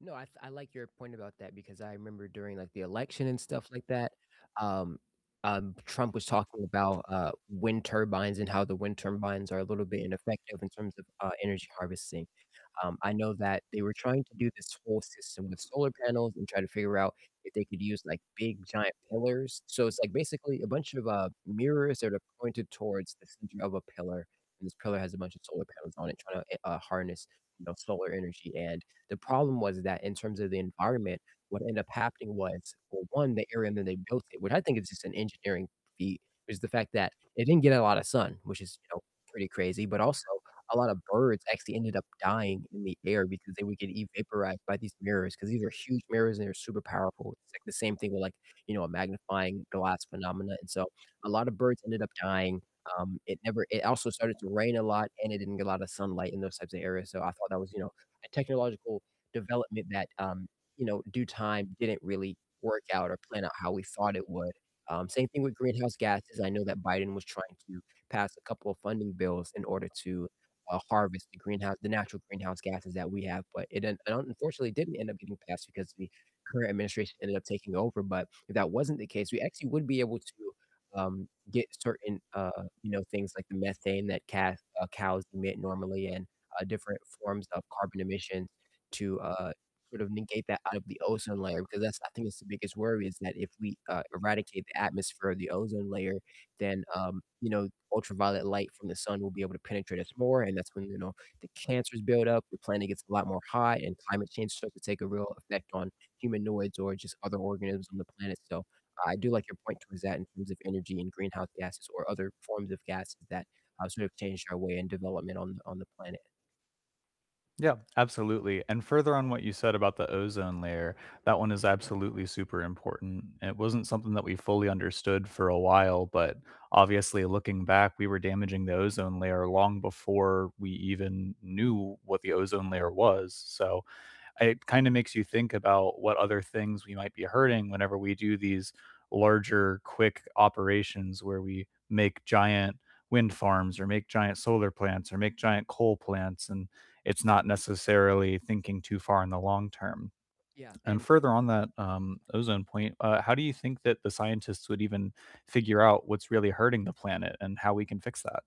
No, I th I like your point about that because I remember during like the election and stuff like that, um, um, Trump was talking about, uh, wind turbines and how the wind turbines are a little bit ineffective in terms of, uh, energy harvesting, um, I know that they were trying to do this whole system with solar panels and try to figure out if they could use like big giant pillars. So it's like basically a bunch of, uh, mirrors that are pointed towards the center of a pillar, and this pillar has a bunch of solar panels on it trying to, uh, harness, you know, solar energy, and the problem was that in terms of the environment, what ended up happening was, well, 1, the area that they built it which I think is just an engineering feat, is the fact that it didn't get a lot of sun, which is, you know, pretty crazy, but also a lot of birds actually ended up dying in the air because they would get evaporated by these mirrors, 'cause these are huge mirrors and they're super powerful, it's like the same thing with like, you know, a magnifying glass phenomena, and so a lot of birds ended up dying, um, it never it also started to rain a lot and it didn't get a lot of sunlight in those types of areas, so I thought that was, you know, a technological development that, um, you know, due time didn't really work out or plan out how we thought it would, um, same thing with greenhouse gases, I know that Biden was trying to pass a couple of funding bills in order to, uh, harvest the greenhouse the natural greenhouse gases that we have, but it un un unfortunately didn't end up getting passed because the current administration ended up taking over, but if that wasn't the case, we actually would be able to, um, get certain, uh, you know, things like the methane that ca uh, cows emit normally and, uh, different forms of carbon emission to, uh, sort of negate that out of the ozone layer, because that's I think that's the biggest worry is that if we, uh, eradicate the atmosphere or the ozone layer, then, um, you know, ultraviolet light from the sun will be able to penetrate us more, and that's when, you know, the cancers build up, the planet gets a lot more hot, and climate change starts to take a real effect on humanoids or just other organisms on the planet, so I do like your point towards that in terms of energy and greenhouse gases or other forms of gases that, uh, sort of change our way and development on on the planet. Yeah, absolutely, and further on what you said about the ozone layer, that one is absolutely super important, and it wasn't something that we fully understood for a while, but obviously looking back, we were damaging the ozone layer long before we even knew what the ozone layer was, so, it kinda makes you think about what other things we might be hurting whenever we do these larger quick operations where we make giant wind farms or make giant solar plants or make giant coal plants, and it's not necessarily thinking too far in the long term, Yeah, and and same further thi on that, um, ozone point, uh, how do you think that the scientists would even figure out what's really hurting the planet and how we can fix that?